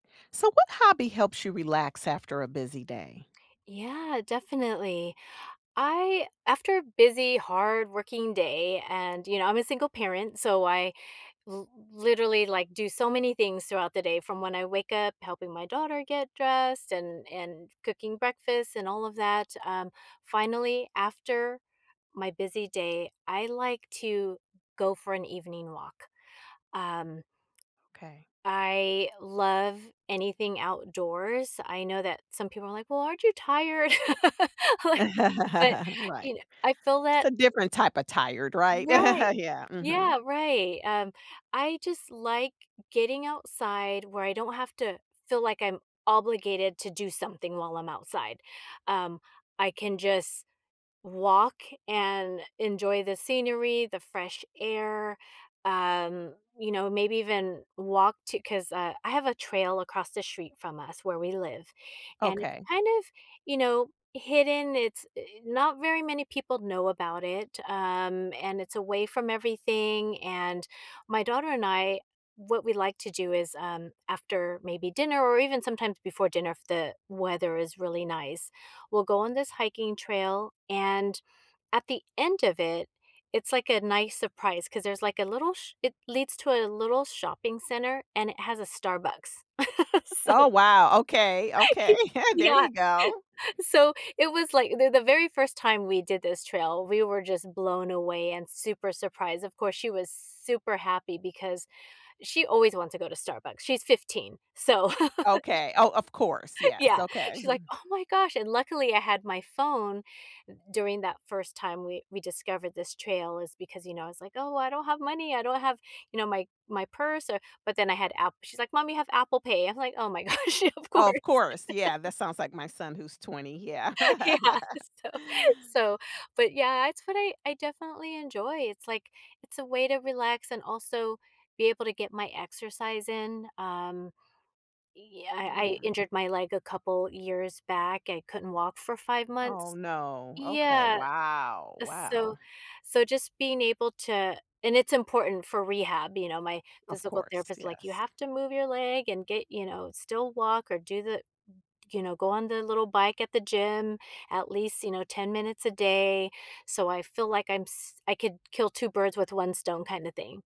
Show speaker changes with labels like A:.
A: So what hobby helps you relax after a busy day?
B: Yeah, definitely. I after a busy, hardworking day, and you know, I'm a single parent, so I l literally, like, do so many things throughout the day from when I wake up, helping my daughter get dressed, and and cooking breakfast, and all of that, um, finally, after my busy day, I like to go for an evening walk. Um
A: Okay.
B: I love anything outdoors, I know that some people are like, "Well, aren't you tired?" Like but,
A: Right.
B: you kn I feel
A: It's a
B: that
A: different type of tired, right?
B: Right
A: Yeah, mhm.
B: yeah, right, um, I just like getting outside where I don't have to feel like I'm obligated to do something while I'm outside, um, I can just walk and enjoy the scenery, the fresh air, um, you know, maybe even walk to 'cause, uh, I have a trail across the street from us where we live, and it's
A: Okay.
B: kind of, you know, hidden, it's i not very many people know about it, um, and it's away from everything, and my daughter and I, what we like to do is, um, after maybe dinner or even sometimes before dinner if the weather is really nice, we'll go on this hiking trail, and at the end of it, it's, like, a nice surprise 'cause there's, like, a little sh it leads to a little shopping center and it has a Starbucks. So
A: Oh wow! Okay, okay, there
B: yeah,
A: you go.
B: so it was, like the the very first time we did this trail, we were just blown away and super surprised, of course, she was super happy because she always wants to go to Starbucks, she's 15, so sh
A: Okay oh, of course, yes,
B: Yeah,
A: okay.
B: she's like, "Oh my gosh" and, luckily I had my phone during that first time we we discovered this trail is because, you know, it's, like, "Oh, I don't have money, I don't have" you know, "my my purse, or" but, then I had App she's like, "Mom, you have Apple Pay." I'm like, "Oh my gosh, of course."
A: Oh, of course, yeah, that sounds like my son who's 20, yeah.
B: Yeah, so so but, yeah, it's what I I definitely enjoy, it's, like, it's a way to relax and also be able to get my exercise in, um yeah, I I
A: Yeah.
B: injured my leg a couple years back, I couldn't walk for 5
A: Oh,
B: months.
A: no, okay,
B: Yeah,
A: wow!
B: so
A: Wow.
B: so just being able to and it's important for rehab, you know? My
A: Of
B: physical
A: course,
B: therapist, like, "You
A: yes.
B: have to move your leg and get" you know, "still walk or do the" you know, "go on the little bike at the gym, at least," you know, "10 minutes a day," so, I feel like I'm s I could kill two birds with one stone, kinda thing.